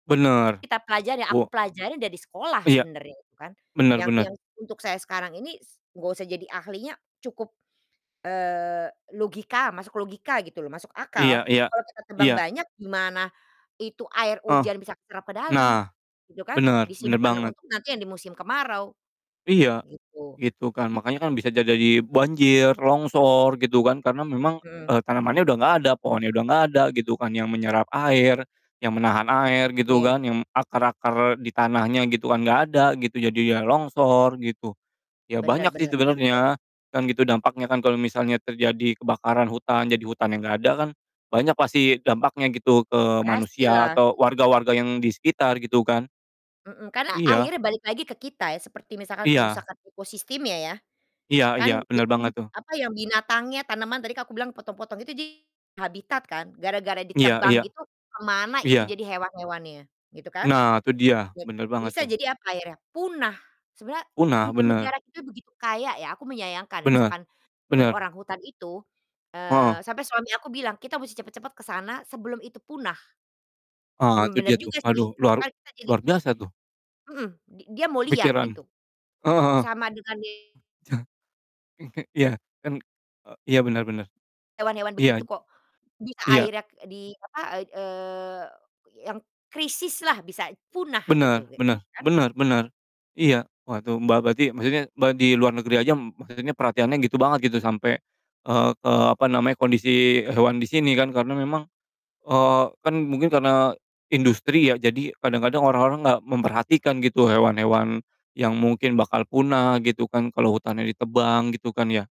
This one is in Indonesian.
Benar, Kita pelajari yang buo aku pelajarin dari sekolah Iya, sebenarnya itu, kan, benar yang benar. yang untuk saya sekarang ini s enggak usah jadi ahlinya, cukup, eee, logika masuk logika gitu, loh, masuk Iya akal, iya kalau kita tebang iya. banyak, gimana itu air Ah! hujan bisa keserap ke dalam Nah, gitu, kan? benar benar Disimpan banget. untuk nanti yang di musim kemarau, Iya, gitu. gitu, kan. Makanya kan bisa aja jadi banjir, longsor gitu kan, karena memang, Mhm. eee, tanamannya udah enggak ada, pohonnya udah enggak ada, gitu kan, yang menyerap air, yang menahan air gitu Iya. kan, yang akar-akar di tanahnya gitu kan enggak ada, gitu, jadi, ya, longsor, gitu. Ya, banyak, Benar sih, benar benar. sebenarnya, kan gitu dampaknya kan, kalau misalnya terjadi kebakaran hutan, jadi hutannya enggak ada kan banyak pasti dampaknya gitu ke manusia, Pastilah. atau warga-warga yang di sekitar, gitu, kan? Mhm, karena Iya. akhirnya balik lagi ke kita, ya, seperti misalkan Iya. kerusakan ekosistemnya ya, Iya iya, kan [unintelligible] benar banget tuh. apa, ya, binatangnya, tanaman tadi kalau aku bilang potong-potong itu di habitat, kan, gara-gara iya ditebang iya, gitu, ke mana itu iya. jadi hewan-hewannya, gitu, kan? Nah, tuh dia, Jad benar banget bisa tuh. jadi apa akhirnya? Punah. Sebenarnya, Punah, ne benar. negara kita begitu kaya ya, aku menyayangkan, Benar, misalkan yang benar. orang hutan itu Heeh. eee, sampai suami aku bilang, "Kita musti cepat-cepat ke sana sebelum itu punah." Ah, Emang itu bener dia tuh, juga sih. aduh Itu luar kan kita jadi luar biasa tuh. Mhm, di dia mau lihat Kepikiran. gitu. Heeh heeh. Sama dengan Kek ya, kan eee, iya benar benar, hewan-hewan iya. begitu, kok, bisa Iya. akhirnya di, apa, ai eee, yang krisislah bisa punah, gitu Benar ke benar kan? benar benar, iya, wah itu Mbak, berarti maksudnya, Mbak di luar negeri aja maksudnya perhatiannya gitu banget gitu sampe, eee, ke, apa namanya, kondisi hewan di sini kan, karena memang, eee, kan mungkin karena industri, ya, jadi, kadang-kadang orang-orang enggak memperhatikan, gitu, hewan-hewan yang mungkin bakal punah, gitu, kan, kalau hutannya ditebang, gitu, kan, ya?